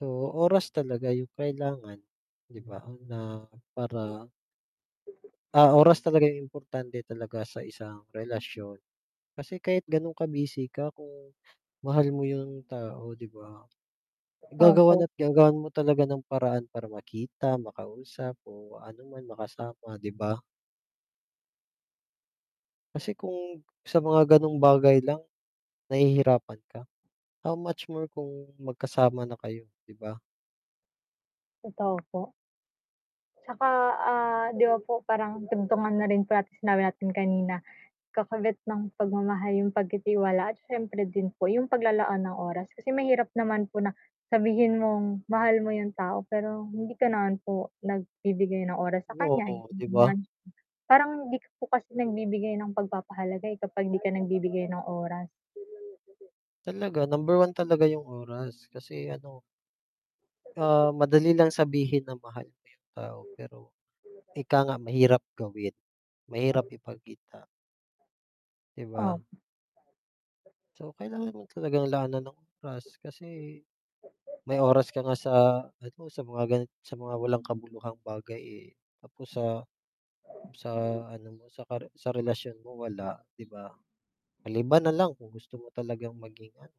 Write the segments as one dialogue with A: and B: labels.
A: So, oras talaga yung kailangan 'di ba, na para ah, oras talaga yung importante talaga sa isang relasyon kasi kahit ganun ka-busy ka kung mahal mo yung tao, 'di ba?
B: Oho.
A: Gagawan at gagawan mo talaga ng paraan para makita, makausap o ano man, makasama, 'di ba? Kasi kung sa mga gano'ng bagay lang nahihirapan ka, how much more kung magkasama na kayo, 'di ba?
B: Totoo po. Tsaka, ah, 'di ba po parang tungtungan na rin parang sinabi natin kanina, kakabit ng pagmamahal yung pagtitiwala at siyempre din po yung paglalaan ng oras kasi mahirap naman po na sabihin mong mahal mo yung tao, pero hindi ka naman po nagbibigay ng oras sa
A: Nyoo
B: kanya.
A: Oo, 'di ba?
B: [unintelligible] Parang hindi ka po kasi nagbibigay ng pagpapahalaga, eh, kapag 'di ka nagbibigay ng oras.
A: Talaga, number 1 talaga yung oras kasi ano ah, madali lang sabihin na mahal mo yung tao, pero ika nga mahirap gawin, mahirap ipakita. 'Di ba? So, kailangan mo talagang laanan ng oras kasi may oras ka nga sa ano, sa mga gani sa mga walang kabuluhang bagay, eh, tapos sa sa ano mo, sa kare sa relasyon mo wala, 'di ba? Halimbawa, nalang kung gusto mo talagang maging ano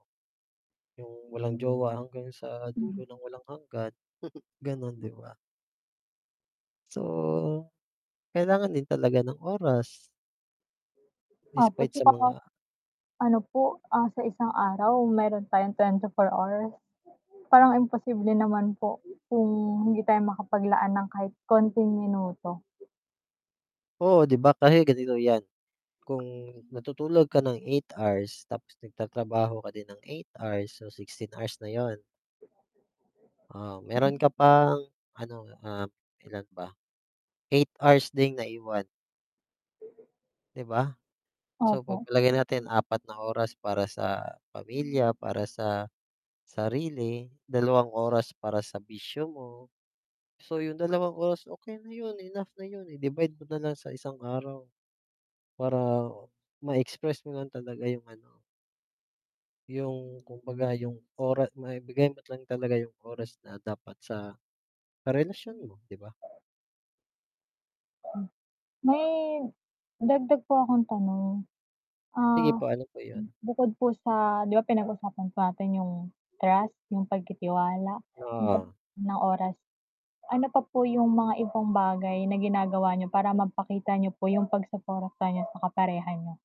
A: yung walang jowa hanggang sa dulo ng walang hanggan ganun, 'di ba? So, kailangan din talaga ng oras.
B: Opo,
A: Despite sa
B: tsaka
A: mga
B: ano po, ah, sa 1 araw meron tayong 24 hours. Parang imposible naman po kung hindi tayo makapaglaan ng kahit konting minuto.
A: O 'di ba, kasi ganito 'yan, kung matutulog ka ng 8 hours tapos nagtatrabaho ka din ng 8 hours so, 16 hours na 'yon. Oh, meron ka pang ano, ah, ilan ba? 8 hours ding naiwan. 'Di ba? So,
B: Opo.
A: pagpalagay natin 4 na oras para sa pamilya, para sa sarili, 2 oras para sa bisyo mo, so yung 2 oras, okey na yun, enough na yun, i-divide mo na lang sa isang araw para ma express mo lang talaga yung ano yung kumbaga yung ora maibigay mo lang talaga yung oras na dapat sa karelasyon mo, 'di ba?
B: May dagdag po akong tanong.
A: Sige
B: Ah,
A: po, ano po 'yun?
B: bukod po sa 'di ba, pinag-usapan po natin yung trust, yung pagtitiwala, yung pag
A: Oo.
B: ng oras, ano pa po yung mga ibang bagay na ginagawa niyo para mapakita niyo po yung pagsuporta niyo sa kapareha niyo?